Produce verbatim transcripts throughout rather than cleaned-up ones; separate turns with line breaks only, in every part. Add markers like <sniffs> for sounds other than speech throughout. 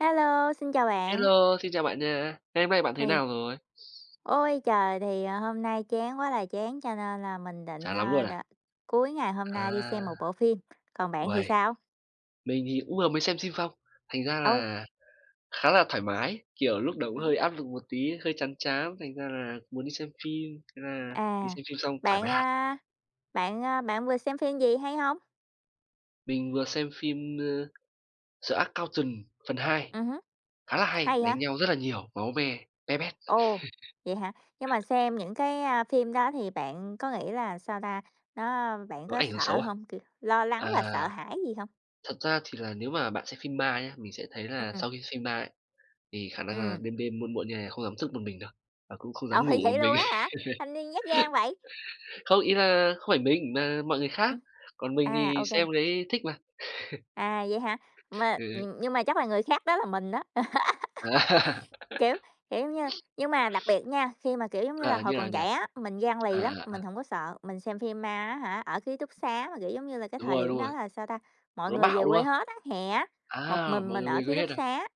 Hello, xin chào bạn.
Hello, xin chào bạn nha. Ngày hôm nay bạn thế
Thì
nào rồi?
Ôi trời, thì, ờ, hôm nay chán quá là chán cho nên là mình định,
Chán lắm
ờ,
luôn
đ
à?
cuối ngày hôm nay đi
À.
xem một bộ phim, còn bạn thì
Uầy!
sao?
Mình thì cũng vừa mới xem xim phong. Thành ra
Âu.
là khá là thoải mái, kiểu, lúc đầu
Ừm
cũng
hứm.
hơi áp lực một tí, hơi chán chán, thành ra là muốn đi xem phim, thế là đi
À.
xem phim xong thoải mái
Bạn,
hẳn.
a bạn, a bạn vừa xem phim gì hay hông?
Mình vừa xem phim, ơ, The Accountant phần hai.
Ừm hứm,
Khá là hay,
hay hả?
đánh nhau rất là nhiều, máu me be bét.
Ồ,
<chuckles>
vậy hả? Nhưng mà xem những cái, a, phim đó thì bạn có nghĩ là, sao ta, nó bạn
Nó
có
ảnh hưởng
sợ
xấu à?
hông? Kiểu, lo lắng
À,
và sợ hãi gì hông?
thật ra thì là nếu mà bạn xem phim ma nhá, mình sẽ thấy là
Ừm.
sau khi xem ma ấy, thì khả năng là
Ừm.
đêm đêm muộn muộn như này không dám thức một mình đâu, và cũng không dám
Ồ,
ngủ một
vậy luôn
mình.
á hả?
<chuckles>
Thanh niên nhát gan vậy?
Không, ý là không phải mình mà mọi người khác.
Ừm.
Còn mình
À,
thì
ô kê.
xem thấy thích mà. <chuckles>
À, vậy hả, mà
Ừ, ừ.
nh nhưng mà chắc là người khác đó là mình đó. <laughs>
À.
Kiểu,
<laughs>
kiểu, giống như, nhưng mà đặc biệt nha, khi mà, kiểu, giống như là,
À,
hồi
như nào
còn
nhỉ?
trẻ á, mình gan
À,
lì lắm,
à,
mình
à.
hổng có sợ. Mình xem phim ma á hả, ở ký túc xá mà, kiểu, giống như là, cái
Đúng
thời
rồi,
điểm
đúng
đó
rồi.
là, sao ta, mọi
Nó
người về
bạo, đúng
quê
không?
hết á, hè á, một
À,
mình
mọi
mình
người
ở
về
ký
quê hết
túc
à?
xá,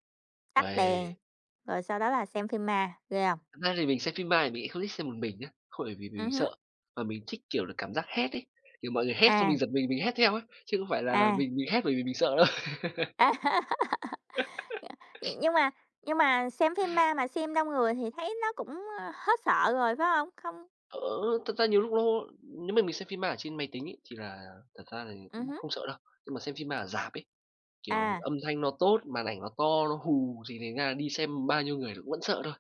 tắt đèn,
Uầy!
rồi sau đó là xem phim ma. Ghê hông?
Thật ra thì mình xem phim ma thì mình lại không thích xem một mình nhá, không phải vì mình
Ừm hứm.
sợ, mà mình thích, kiểu là, cảm giác hét ấy. Kiểu, mọi người hét xong mình
À.
giật mình, mình hét theo ấy, chứ không phải là
À.
mình mình hét bởi vì mình sợ đâu. <chuckles>
À. <laughs>
<chuckles>
Ờ,
<sniffs>
nhưng mà nhưng mà xem phim ma mà xem đông người thì thấy nó cũng hết sợ rồi, phải hông? Không
Ơ, ơ, thật ra nhiều lúc nó nếu mà mình xem phim ma ở trên máy tính ấy, thì là thật ra thì
Ừm
cũng
hứm.
không sợ đâu. Nhưng mà xem phim ma ở rạp ấy, kiểu,
À.
âm thanh nó tốt, màn ảnh nó to, nó hù thì thành ra là đi xem bao nhiêu người cũng vẫn sợ thôi.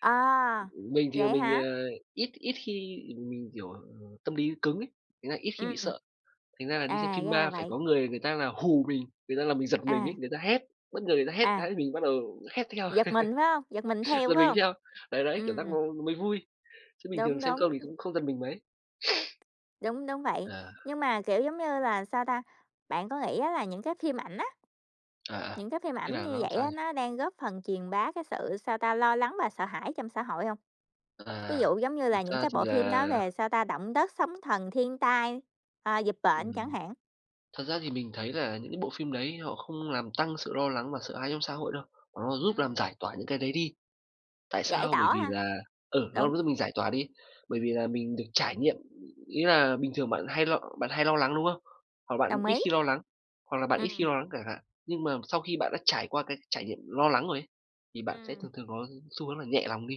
À,
Mình thì
vậy
mình,
hả?
à, ít ít khi mình, kiểu, tâm lý cứng ấy, thành ra ít khi bị
Ừm.
sợ. Thành ra là đi xem
À,
phim
ra là
ma phải
vậy.
có người người ta là hù mình, người ta làm mình giật mình ấy,
À.
người ta hét, bất ngờ người ta hét
À.
cái mình bắt đầu hét theo,
Giật mình, phải hông? Giật mình
<chuckles>
theo,
giật
phải
mình
hông?
theo. Đấy, đấy, kiểu giác
Ừm.
nó nó mới vui. Chứ bình thường
Đúng,
xem
đúng.
không thì
Ừm.
cũng không giật mình mấy. <sniffs>
Đúng, đúng vậy.
À.
Nhưng mà, kiểu, giống như là, sao ta, bạn có nghĩ á là những cái phim ảnh á
À, à,
những cái phim
ý
ảnh
là
như
nó làm
vậy
sao
á,
nhỉ?
nó đang góp phần truyền bá cái sự, sao ta, lo lắng và sợ hãi trong xã hội hông? Ví
À,
dụ, giống như là,
thực
những
ra
cái
thì
bộ phim
là
nói về, sao ta, động đất sóng thần, thiên tai, à, dịch bệnh chẳng
Ừm.
hạn.
Thật ra thì mình thấy là những cái bộ phim đấy họ không làm tăng sự lo lắng và sợ hãi trong xã hội đâu, mà nó giúp làm
Ừm.
giải tỏa những cái đấy đi. Tại
Giải
sao? Bởi
tỏa
vì
ha,
là, ừ,
đúng.
nó giúp mình giải tỏa đi. Bởi vì là mình được trải nghiệm, ý là bình thường bạn hay lo bạn hay lo lắng, đúng không? Hoặc bạn
Đồng
ít
ý.
khi lo lắng, hoặc là bạn ít khi
Ừm.
lo lắng chẳng hạn. Nhưng mà sau khi bạn đã trải qua cái trải nghiệm lo lắng rồi ấy, thì bạn sẽ
Ừm.
thường thường có xu hướng là nhẹ lòng đi.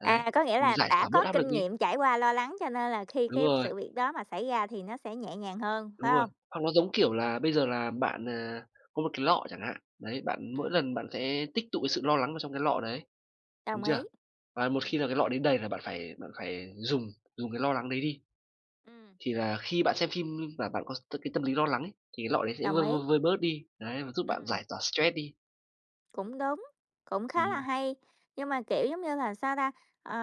Đấy,
À, có nghĩa là
giải
đã
tỏa bớt
có
áp lực
kinh
đi.
nghiệm trải qua lo lắng cho nên là khi
Đúng
cái
rồi.
sự việc đó mà xảy ra thì nó sẽ nhẹ nhàng hơn, phải
Đúng rồi.
hông?
Hoặc nó giống, kiểu là, bây giờ là bạn, à, có một cái lọ chẳng hạn. Đấy, bạn mỗi
Ừm.
lần bạn sẽ tích tụ cái sự lo lắng vào trong cái lọ đấy, đúng
Đồng ý.
chưa? Và một khi
Ừm.
là cái lọ đấy đầy là bạn phải bạn phải dùng dùng cái lo lắng đấy đi.
Ừm.
Thì là khi bạn xem phim mà bạn có cái tâm lý lo lắng ấy, thì cái lọ đấy sẽ
Đồng
vơi,
ý.
vơi, vơi bớt đi. Đấy, và giúp bạn
Ừm.
giải tỏa stress đi.
Cũng đúng, cũng khá là
Ừm.
hay. Nhưng mà, kiểu giống như là, sao ta, ờ,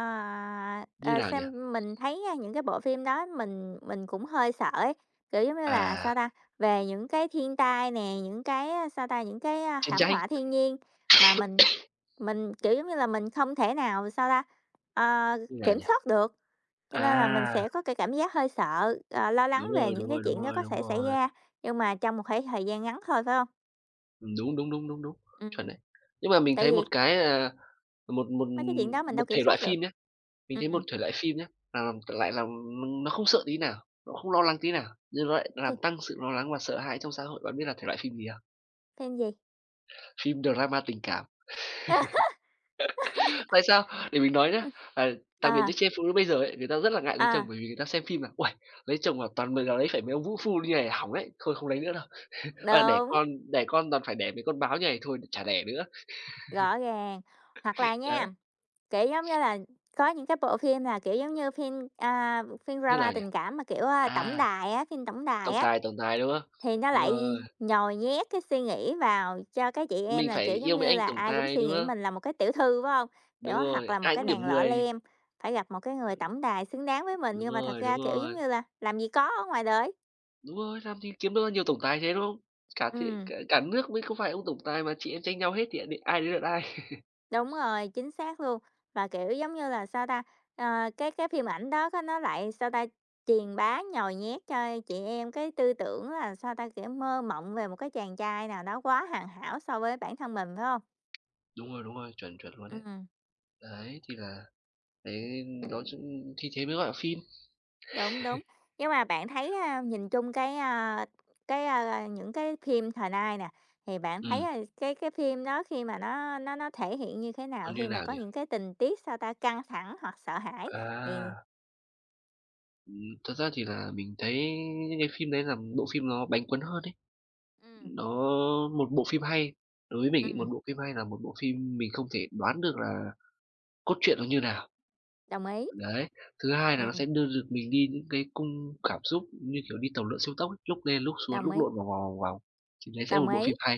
Như
ờ, ờ,
nào nhỉ?
xem mình thấy, a, những cái bộ phim đó, mình mình cũng hơi sợ ấy. Kiểu giống như là, sao
À!
ta, về những cái thiên tai nè, những cái, sao ta, những cái, a,
Chàng
thảm
trai.
họa thiên nhiên mà mình
<coughs>
mình, kiểu giống như là, mình không thể nào, sao ta, ờ,
Như nào
kiểm
nhỉ?
soát được. Cho nên là mình
À!
sẽ có cái cảm giác hơi sợ, ờ, lo lắng
Đúng
về
rồi,
những
đúng
cái
rồi, đúng
chuyện đó
rồi,
có
đúng
thể xảy
rồi.
ra. Nhưng mà trong một thể thời gian ngắn thôi, phải không?
Ừm, đúng, đúng, đúng, đúng, đúng.
Ừm.
Chuẩn đấy. Nhưng mà mình
Tại
thấy
vì
một cái, à, một một
Mấy cái chuyện đó mình
một
đâu kiểm
thể loại
soát được.
phim nhá, mình thấy một
Ừm.
thể loại phim nhá là, ừm, lại làm, ừm, nó không sợ tí nào! Nó không lo lắng tí nào! Nhưng nó lại nó làm
<unintelligible>
tăng sự lo lắng và sợ hãi trong xã hội. Bạn biết là thể loại phim gì không?
Phim gì?
Phim drama tình cảm. <laughs>
<laughs>
Tại sao? Để mình nói nhá.
Ờ.
À, đặc biệt
Ờ.
những chị em phụ nữ bây giờ ấy, người ta rất là ngại lấy
Ờ.
chồng bởi vì người ta xem phim là: "Uầy, lấy chồng mà toàn m g lấy phải mấy ông vũ phu như này hỏng ấy. Thôi không lấy nữa đâu. <chuckles> Ờ, đẻ
Đúng.
con đẻ con toàn phải đẻ mấy con báo như này thôi, chả đẻ nữa."
Rõ ràng! Hoặc là
<laughs> Đấy!
nha, kiểu giống như là, có những cái bộ phim là, kiểu giống như, phim, a, phim
Như
drama
nào nhỉ?
tình cảm mà, kiểu, à, tổng
À.
đài á phim tổng tài
Tổng
á.
tài, tồng tài, đúng không?
Thì nó
Đúng
lại
rồi.
nhồi nhét cái suy nghĩ vào cho các chị em
Mình
là,
phải
kiểu giống
yêu mấy
như
anh
là,
tổng
ai cũng
tài,
suy
đúng
nghĩ
không?
mình là một cái tiểu thư, phải hông? Kiểu,
Đúng
hoặc
rồi,
là một
ai
cái
cũng
nàng
điểm
lọ
mười.
lem, phải gặp một cái người
Ừm.
tổng tài xứng đáng với mình.
Đúng
Nhưng mà thật
rồi,
ra,
đúng
kiểu giống
rồi.
như là, làm gì có ở ngoài đời!
Đúng rồi, làm gì kiếm được nhiều tổng tài thế, đúng không? Cả thế
Ừm.
cả cả nước mới có vài ông tổng tài mà chị em tranh nhau hết thì đ ai đến lượt ai?
Đúng
<laughs>
rồi, chính xác luôn! Và, kiểu, giống như là, sao ta, ờ, cái cái phim ảnh đó nó lại, sao ta, truyền bá nhồi nhét cho chị em cái tư tưởng là, sao ta, kiểu mơ mộng về một cái chàng trai nào đó quá hoàn hảo so với bản thân mình, phải hông?
Đúng rồi, đúng rồi, chuẩn, chuẩn luôn đấy.
Ừm.
Đấy, thì là đấy nói ch thì thế mới gọi là phim.
Đúng, đúng, nhưng mà bạn thấy,
<chuckles>
a, nhìn chung cái, à, cái, a, a những cái phim thời nay nè, thì bạn thấy
Ừm.
cái cái phim đó khi mà nó nó nó thể hiện như thế
Ơ,
nào,
như
khi mà
nào
có
nhi?
những cái tình tiết, sao ta, căng thẳng hoặc sợ hãi thì
À! Ừm. Thật ra thì là mình thấy như phim đấy là bộ phim nó bánh cuốn hơn ấy.
Ừm.
Nó một bộ phim hay đối với mình một
Ừm.
bộ phim hay là một bộ phim mình không thể đoán được là cốt truyện nó như nào.
Đồng ý.
Đấy, thứ hai là nó
Ừm.
sẽ đưa được mình đi những cái cung cảm xúc như kiểu đi tàu lượn siêu tốc ấy, lúc lên lúc xuống,
Đồng
lúc
ý.
lộn vòng vòng, vòng vòng. Thì đấy sẽ là
Đồng
một bộ
ý.
phim hay.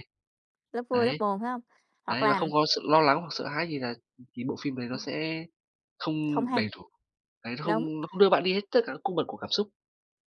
Lúc vui lúc
Đấy.
buồn phải hông? Hoặc
Đấy, và
là
không có sự lo lắng hoặc sợ hãi gì là, ừm, thì bộ phim đấy nó
Ừm.
sẽ không
Không hay.
đầy đủ. Đấy, nó
Đúng.
không nó không đưa bạn đi hết tất cả các cung bậc của cảm xúc.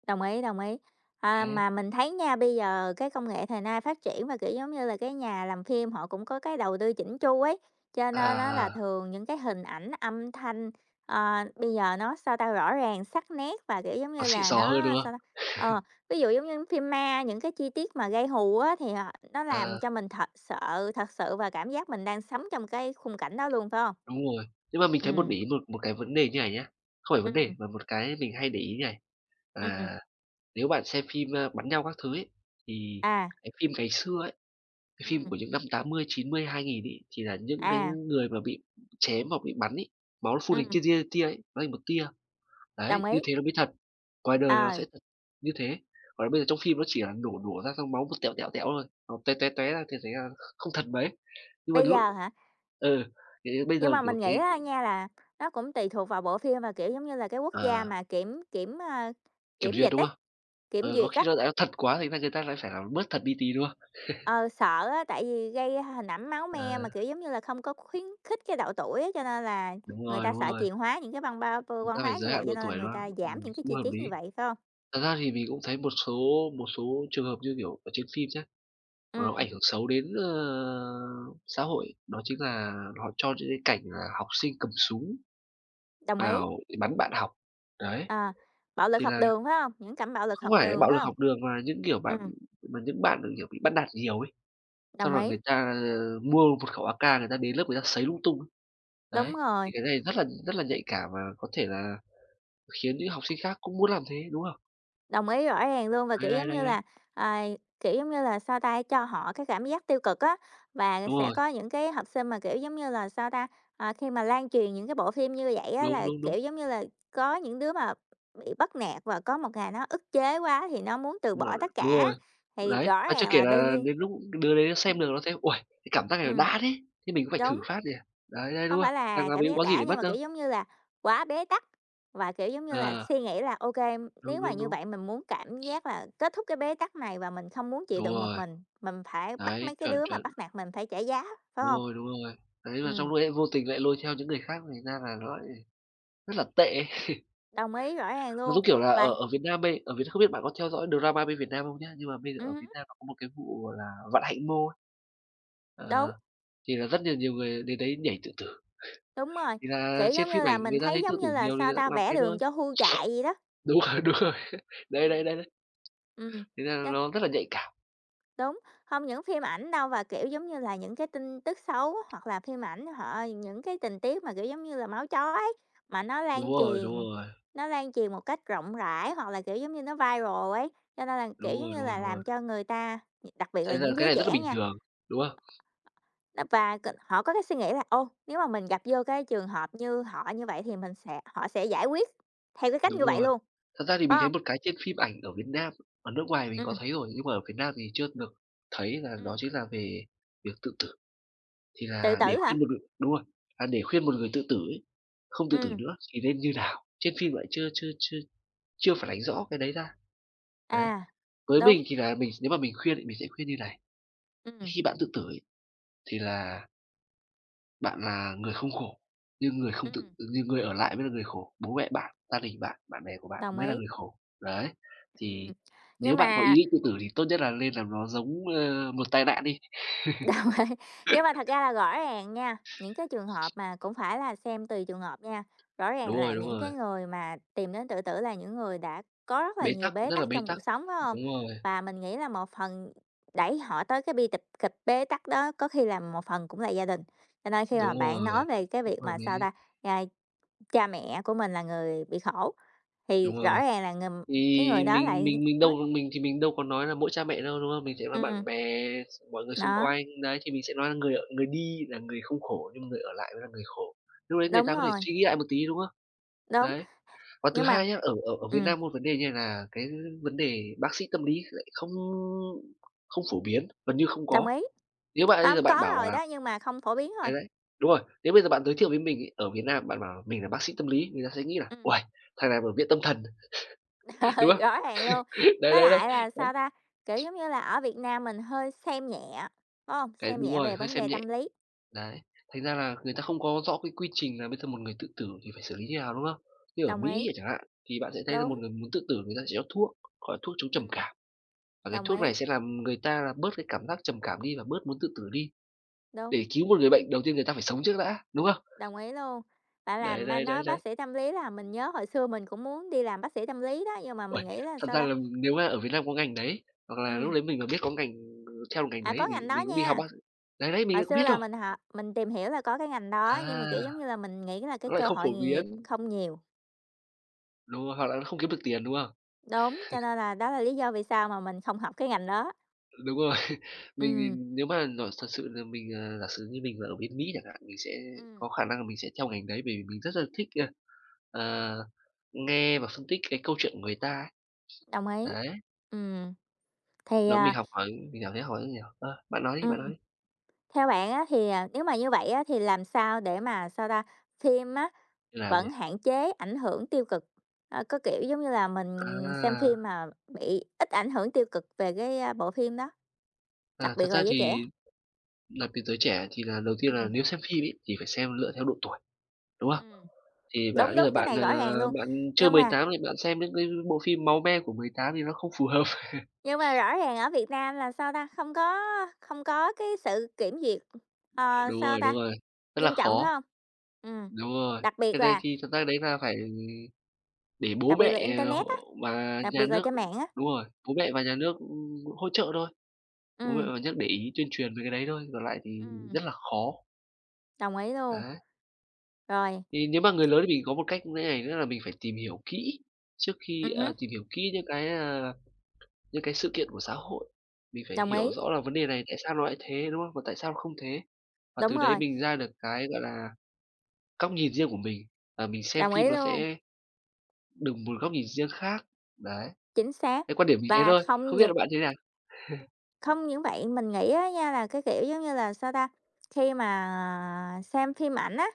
Đồng ý, đồng ý. À,
Đấy.
mà mình thấy nha, bây giờ cái công nghệ thời nay phát triển và, kiểu, giống như là, cái nhà làm phim họ cũng có cái đầu tư chỉn chu ấy, cho
À,
nên á là
à.
thường những cái hình ảnh, âm thanh, ờ, bây giờ nó, sao ta, rõ ràng, sắc nét và, kiểu, giống
Nó
như
xịn
là,
xò hơn,
nó,
đúng
sao ta
không?
ờ,
<laughs>
ví dụ giống như phim ma, những cái chi tiết mà gây hù á thì họ nó làm
Ờ.
cho mình thật sợ thật sự và cảm giác mình đang sống trong cái khung cảnh đó luôn, phải hông?
Đúng rồi. Nhưng mà mình thấy một
Ừm.
để ý một một cái vấn đề như này nhá, không phải vấn đề,
Ừm.
mà một cái mình hay để ý như này,
Ừm.
là nếu bạn xem phim, a, bắn nhau các thứ ấy, thì
À.
cái phim ngày xưa ấy, cái phim
Ừm.
của những năm tám mươi, chín mươi, hai nghìn ấy, thì là những cái
À.
người mà bị chém hoặc bị bắn ấy, máu nó phun hình
Ừm.
tia, tia, tia, tia ấy, nó thành một tia. Đấy,
Đồng
như
ý.
thế nó mới thật, ngoài đời nó
Ờ.
sẽ thật như thế. Còn bây giờ trong phim nó chỉ là nổ, nổ ra xong máu một tẹo, tẹo, tẹo thôi, nó tóe, tóe, tóe ra thì thấy là kh không thật mấy. Nhưng mà
Bây
đến lúc
giờ hả?
ừ, kiểu như bây
Nhưng
giờ,
mà
kiểu,
mình
cái
nghĩ á nha, là nó cũng tùy thuộc vào bộ phim mà, kiểu, giống như là, cái quốc gia
À.
mà kiểm kiểm, ơ,
Kiểm
kiểm
duyệt
dịch
đúng
ấy
không?
kiểm
Ờ, có
duyệt
khi
á.
là tại nó thật quá thế này người ta lại phải làm bớt thật đi tí, đúng không? <chuckles>
Ừ, sợ á, tại vì gây hình ảnh máu me mà,
À.
kiểu, giống như là, không có khuyến khích cái độ tuổi á, cho nên là
Đúng
người
rồi,
ta
đúng
sợ
rồi.
truyền hóa những cái văn ba vô
Chúng ta
văn
phải
hóa
giới
như vậy,
hạn độ
cho nên là
tuổi,
người
đúng không?
ta giảm
Ừm,
những cái
cũng
chi
hợp
tiết như
lý.
vậy, phải hông?
Thật ra thì mình cũng thấy một số một số trường hợp như kiểu ở trên phim nhá, nó
Ừm.
ảnh hưởng xấu đến, ờ, xã hội, đó chính là họ cho những cái cảnh là học sinh cầm súng
Đồng ý.
vào để bắn bạn học, đấy.
Ờ, bạo lực
Thì
học
là
đường phải hông? Những cảnh bạo lực
không
học
phải
đường
bạo
phải
lực
không?
học đường mà những kiểu bạn
Ừm.
mà những bạn kiểu bị bắt nạt nhiều ấy, xong
Đồng
rồi
ý.
người ta, ờ, mua một khẩu AK người ta đến lớp người ta sấy lung tung ấy. Đấy,
Đúng rồi!
thì cái này rất là rất là nhạy cảm và có thể là khiến những học sinh khác cũng muốn làm thế, đúng không?
Đồng ý, rõ ràng luôn. Và,
Đấy,
kiểu
đấy,
giống
đấy,
như
đấy.
là, à, kiểu, giống như là, sao ta, cho họ cái cảm giác tiêu cực á. Và
Đúng
sẽ
rồi.
có những cái học sinh mà, kiểu, giống như là, sao ta, à, khi mà lan truyền những cái bộ phim như vậy á
Đúng,
là,
đúng, đúng.
kiểu, giống như là, có những đứa mà bị bắt nạt và có một ngày nó ức chế quá thì nó muốn từ bỏ
Rồi,
tất
đúng
cả,
rồi.
thì
Đấy,
rõ
và
ràng
chưa kể
là đương
là
nhiên
đến lúc đứa đấy nó
ừm.
xem được nó thấy: "Uầy, cái cảm giác này nó
Ừm.
đã thế! Thế mình cũng phải thử
Đúng.
phát nhỉ?" Đấy, đấy, đúng
Không phải
hông? "Đằng
là
nào
cảm
mình cũng
giác
có gì
đã,
để
nhưng
mất
mà,
đâu."
kiểu, giống như là quá bế tắc, và, kiểu, giống như là
À.
suy nghĩ là OK,
Đúng,
nếu mà
đúng,
như
đúng.
vậy, mình muốn cảm giác là kết thúc cái bế tắc này và mình không muốn chịu
Đúng
đựng một
rồi.
mình. Mình phải bắt
Đấy,
mấy cái
chuẩn,
đứa mà
chuẩn.
bắt nạt mình phải trả giá, phải
Đúng
hông?
rồi, đúng rồi. Đấy là trong
Ừm.
lúc đấy lại vô tình lại lôi theo những người khác, thành ra là nó lại rất là tệ. <laughs>
Đồng ý, rõ ràng
Nó
luôn,
giống kiểu là
và
ở ở Việt Nam bây ở Việt N không biết bạn có theo dõi drama bên Việt Nam không nhá. Nhưng mà bây giờ ở
Ừm
Việt
hứm.
Nam nó có một cái vụ gọi là Vạn Hạnh Mall.
Đúng.
Ờ, thì là rất nhiều nhiều người đến đấy nhảy tự tử.
Đúng
<chuckles>
rồi,
Thì là
kiểu,
trên
giống như
phim
là,
ảnh
mình
người ta
thấy
thấy tự
giống
tử
như là,
nhiều thì
sao
người ta
ta,
cũng làm
vẽ
thế
đường
thôi.
cho hươu chạy vậy đó.
Đúng rồi, đúng rồi. Đấy, đấy,
Ừm.
đấy, đấy.
Ừm.
Thành ra
Chắc
nó rất là nhạy cảm.
Đúng, không những phim ảnh đâu và, kiểu, giống như là, những cái tin tức xấu, hoặc là phim ảnh họ những cái tình tiết mà, kiểu, giống như là, máu chó ấy, mà nó
Đúng
lan
rồi, đúng
truyền,
rồi.
nó lan truyền một cách rộng rãi, hoặc là, kiểu, giống như, nó viral ấy, cho nên là,
Đúng
kiểu, giống
rồi,
như
đúng rồi,
là,
đúng rồi.
làm cho người ta, gi đặc biệt
Thế
là
là
những
cái
giới
này rất là
trẻ
bình
nha
thường, đúng hông?
nó, và c họ có cái suy nghĩ là, ô, nếu mà mình gặp vô cái trường hợp như họ như vậy thì mình sẽ họ sẽ giải quyết theo cái cách như
Đúng
vậy
rồi.
luôn,
Thật ra thì
phải
mình thấy
hông?
một cái trên phim ảnh ở Việt Nam ở nước ngoài mình có
Ừm.
thấy rồi nhưng mà ở Việt Nam thì chưa được thấy là đó
Ừm.
chính là về việc tự tử. Thì
Tự
là, để
tử hả?
khuyên một ngừ đúng rồi, à, để khuyên một người tự tử ấy không tự tử
Ừm.
nữa thì nên như nào? Trên phim lại chưa chưa chưa chưa phản ánh rõ cái đấy ra, đấy.
À,
Với
đúng.
mình thì là mình nếu mà mình khuyên thì mình sẽ khuyên như này
Ừm.
khi bạn tự tử ấy, thì là bạn là người không khổ, nhưng người không tự
Ừm.
nhưng người ở lại mới là người khổ, bố mẹ bạn, gia đình bạn, bạn bè của bạn
Đồng
mới là
ý.
người khổ. Đấy,
Ừm,
thì, nếu
nhưng
bạn có
mà
ý định tự tử thì tốt nhất là nên làm nó giống, ơ, một tai nạn đi. <chuckles>
Đồng ý, nhưng mà thật ra là rõ ràng nha, những cái trường hợp mà cũng phải là xem tùy trường hợp nha, rõ ràng
Đúng
là
rồi, đúng
những
rồi.
cái người mà tìm đến tự tử là những người đã có rất là
Bế
nhiều
tắc,
bế
rất là
tắc
bế
trong
tắc,
cuộc sống phải hông?
đúng rồi.
Và mình nghĩ là một phần đẩy họ tới cái bi tịch kịch bế tắc đó có khi là một phần cũng là gia đình, cho nên khi mà
Đúng
bạn nói
rồi,
về cái
cũng
việc
hợp
mà, sao
lý.
ta, a, cha mẹ của mình là người bị khổ, thì
Đúng
rõ
rồi.
ràng là người
Thì,
cái người đó
mình
lại
mình mình
nói
đâu mình thì mình đâu có nói là mỗi cha mẹ đâu, đúng hông? Mình sẽ nói
Ừm.
bạn bè, s mọi người xung
Đó.
quanh. Đấy, thì mình sẽ nói là người ở người đi là người không khổ nhưng người ở lại mới là người khổ, lúc đấy người
Đúng
ta có thể
rồi.
suy nghĩ lại một tí, đúng không?
Đúng,
Đấy. Và thứ
nhưng mà
hai nhá, ở ở ở Việt
ừm.
Nam một vấn đề như này là cái vấn đề bác sĩ tâm lý lại không không phổ biến, gần như không
Đồng
có.
ý,
Nếu bạn bây giờ
hông,
bạn
có
bảo
rồi
là
đó nhưng mà không phổ biến
đấy,
thôi.
đấy, đúng rồi, nếu bây giờ bạn giới
Ừm.
thiệu với mình ấy, ở Việt Nam bạn bảo mình là bác sĩ tâm lý, người ta sẽ nghĩ là
Ừm.
"Uầy, thằng này ở viện tâm thần",
Ừ,
<chuckles> đúng không?
rõ ràng luôn.
Đấy,
Với
đấy, đấy,
lại là,
đấy.
sao ta, kiểu, giống như là, ở Việt Nam mình hơi xem nhẹ, phải hông,
Đấy,
xem
đúng
nhẹ
rồi,
về
hơi
vấn
xem
đề
nhẹ,
tâm lý.
đấy. Thành ra là người ta không có rõ cái quy trình là bây giờ một người tự tử thì phải xử lý như nào, đúng không? Như ở
Đồng ý.
Mỹ chẳng hạn, thì bạn sẽ thấy là một
Đúng.
người muốn tự tử người ta sẽ cho thuốc, gọi là thuốc chống trầm
Ừm.
cảm, và cái
Đồng
thuốc
ý.
này sẽ làm người ta là bớt cái cảm giác trầm cảm đi và bớt muốn tự tử đi.
Đúng.
Để cứu một người bệnh, đầu tiên người ta phải sống trước đã, đúng không?
Đồng ý luôn, bạn
Đấy,
làm, a,
đấy, đấy,
nói
đấy.
bác sĩ tâm lý làm mình nhớ hồi xưa mình cũng muốn đi làm bác sĩ tâm lý đó, nhưng mà mình
Uầy,
nghĩ là,
thật
sao
ra
ta
là nếu mà ở Việt Nam có ngành đấy, hoặc là lúc
Ừm.
đấy mình mà biết có ngành theo được ngành
À,
đấy
có
thì mình
ngành đó
mình cũng đi học
nha.
bác đấy, đấy, mình
Hồi
lại có
xưa
biết
là
đâu?
mình họ mình tìm hiểu là có cái ngành
À,
đó, nhưng mà, kiểu, giống như là, mình nghĩ là cái
nó lại
cơ
không phổ
hội nghề nghiệp
biến.
không nhiều.
Đúng rồi, hoặc là nó không kiếm được tiền, đúng không?
Đúng, cho
<laughs>
nên là đó là lý do vì sao mà mình không học cái ngành đó.
Đúng rồi. Mình
Ừm.
mình nếu mà nhỏ thật sự là mình, à, giả sử như mình mà ở bên Mỹ chẳng hạn, mình sẽ
Ừm.
có khả năng là mình sẽ theo ngành đấy bởi vì mình rất là thích, ờ, nghe và phân tích cái câu chuyện của người ta ấy.
Đồng ý.
Đấy.
Ừm. Thì,
Đúng, mình
à
học hỏi, mình cảm thấy <unintelligible> ơ, bạn nói đi, bạn nói
Ừm.
đi!
Theo bạn á thì à nếu mà như vậy á thì làm sao để mà, sao ta, phim á,
Như nào
vẫn
nhỉ?
hạn chế ảnh hưởng tiêu cực, ờ, có kiểu, giống như là, mình xem phim
À!
mà bị ít ảnh hưởng tiêu cực về cái bộ phim đó, đặc
À,
biệt
thật
là
ra
giới trẻ.
thì đặc biệt giới trẻ thì là đầu tiên là
Ừm.
nếu xem phim ấy thì phải xem lựa theo độ tuổi, đúng không?
Ừm,
Thì bạn
đúng,
bây
đúng,
giờ
cái
bạn,
này
à,
rõ ràng luôn,
bạn chưa
nhưng
mười
mà
tám thì bạn xem những cái bộ phim máu me của mười tám thì nó không phù hợp. <laughs>
Nhưng mà rõ ràng ở Việt Nam là sao ta, không có không có cái sự kiểm duyệt, ờ,
Đúng
sao
rồi,
ta,
đúng rồi, rất là
nghiêm trọng, phải
khó!
hông? Ừm,
Đúng rồi.
đặc biệt
Cái đấy
là
thì thực ra đấy là phải để bố
Đặc biệt
mẹ
là
h
internet á,
và
đặc
nhà
biệt là
nước
trên mạng á!
đúng rồi, bố mẹ và nhà nước, ưm, hỗ trợ thôi, bố mẹ
Ừm.
và nhà nước để ý tuyên truyền về cái đấy thôi, còn lại thì
Ừm.
rất là khó.
Đồng ý luôn.
Đấy.
Rồi.
Thì nếu mà người lớn thì mình có một cách như thế này nữa là mình phải tìm hiểu kỹ trước khi,
Ừm hứm.
ờ tìm hiểu kỹ những cái, à, những cái sự kiện của xã hội. Mình phải
Đồng ý.
hiểu rõ là vấn đề này tại sao nó lại thế, đúng hông? Và tại sao nó không thế. Và
Đúng
từ đấy
rồi.
mình ra được cái, gọi là, góc nhìn riêng của mình và mình xem
Đồng
phim
ý
nó
luôn.
sẽ đùng một góc nhìn riêng khác, đấy.
Chính xác
Cái quan điểm mình như thế
và
thôi.
không
Không biết
những
là bạn như thế nào? <chuckles>
không những vậy, mình nghĩ, á, nha là cái kiểu, giống như là, sao ta, khi mà, à, xem phim ảnh á,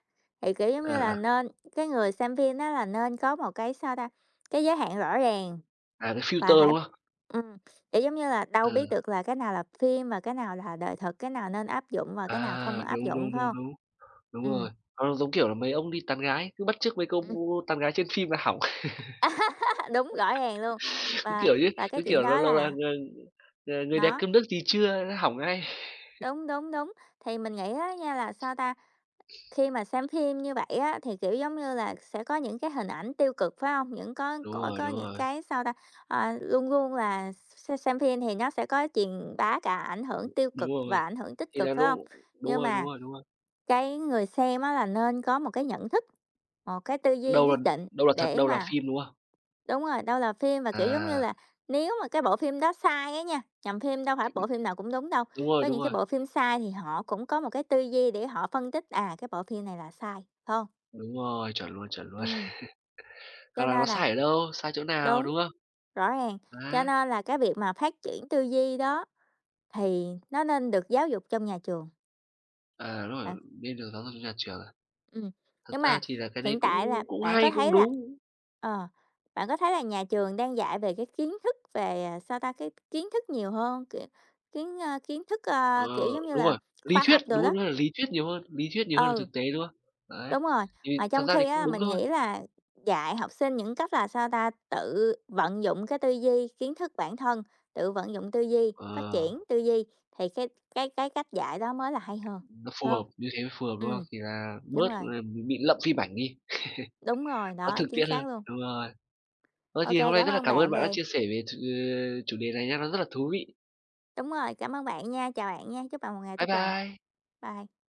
thì, kiểu, giống như
À,
là,
à.
nên cái người xem phim đó là nên có một cái, sao ta, cái giới hạn rõ ràng
À, cái
và
filter,
phải
đúng hông?
ừm, kiểu, giống như là
Ờ.
đâu biết được là cái nào là phim và cái nào là đời thực, cái nào nên áp dụng và cái nào
À,
không áp
đúng,
dụng,
đúng,
phải
đúng,
hông?
đúng. Đúng
Ừm.
rồi, nó giống kiểu là mấy ông đi tán gái cứ bắt chước mấy câu
Ừm.
tán gái trên phim là hỏng.
<laughs> Đúng, rõ ràng luôn,
<laughs> Cứ,
và
kiểu như
và
cứ,
cái chuyện
kiểu, lâu
đó
lâu là
là
"Ng-ng-người đẹp
Nó.
cơm nước gì chưa?" Nó hỏng ngay. <laughs>
Đúng, đúng, đúng. Thì mình nghĩ á nha là sao ta? Khi mà xem phim như vậy á thì, kiểu, giống như là, sẽ có những cái hình ảnh tiêu cực, phải hông? Những có
Đúng
có
rồi,
có
đúng
những
rồi.
cái, sao ta, ờ, luôn luôn là x-xem phim thì nó sẽ có truyền bá cả ảnh hưởng tiêu
Đúng
cực và
rồi,
ảnh hưởng tích
thì là
cực, phải
lúc
hông?
đúng
Nhưng
rồi, đúng
mà,
rồi, đúng rồi.
cái người xem, á, là nên có một cái nhận thức, một cái tư duy
Đâu là
nhất định
đâu là thật,
để
đâu là
mà
phim, đúng hông?
đúng rồi, đâu là phim mà, kiểu, giống như
À.
là nếu mà cái bộ phim đó sai á nha, nhằm phim đâu phải
Chưa biết.
bộ phim nào cũng đúng đâu,
Đúng rồi,
có
đúng
những cái
rồi.
bộ phim sai thì họ cũng có một cái tư duy để họ phân tích: "À, cái bộ phim này là sai," phải hông?
Đúng rồi, chuẩn luôn, chuẩn luôn.
Ừm.
<laughs> Hoặc
Cho
là nó
nên là
sai ở đâu, sai chỗ nào,
đúng,
đúng hông?
rõ ràng, cho
Đấy.
nên là cái việc mà phát triển tư duy đó, thì, nó nên được giáo dục trong nhà trường.
À, đúng
Bạn
rồi, đi đường giáo dục nhà trường à?
Ừm,
Thật
nhưng
ra
mà
thì là cái đấy
hiện tại là
cũng cũng
bạn
hay,
có
cũng
thấy là
đúng.
ờ, bạn có thấy là nhà trường đang dạy về cái kiến thức về, ờ, sao ta, cái kiến thức nhiều hơn, kiểu, kiến, ơ, kiến thức,
Ờ,
ờ, kiểu giống như
đúng
là,
rồi. Lý
khoa
thuyết,
học đồ
đúng
đó.
hông? Đó là lý thuyết nhiều hơn, lý thuyết nhiều hơn là
Ừ.
thực tế, đúng hông?
Ừ.
Đấy.
Đúng rồi,
Thì
mà
thật
trong
ra thì
khi
cũng
á
đúng
mình
thôi.
nghĩ là dạy học sinh những cách là, sao ta, tự vận dụng cái tư duy, kiến thức bản thân, tự vận dụng tư duy, phát
Ờ.
triển tư duy, thì cái cái cái cách dạy đó mới là hay hơn,
Nó phù
phải hông?
hợp, như thế mới phù hợp, đúng hông?
Ừm,
Thì là
đúng
bớt
rồi.
là bị lậm phim ảnh đi.
Đúng rồi,
<laughs> Nó
đó,
thực
chính
tiễn hơn,
xác luôn.
đúng rồi. Ờ,
OK,
thì hôm nay
cảm
rất là
ơn
cảm ơn
bạn
bạn đã
về
chia sẻ về ch-chủ đề này nhá, nó rất là thú vị.
Đúng rồi, cảm ơn bạn nha. Chào bạn nha. Chúc bạn một ngày
Bye
tốt lành.
bye.
Bye.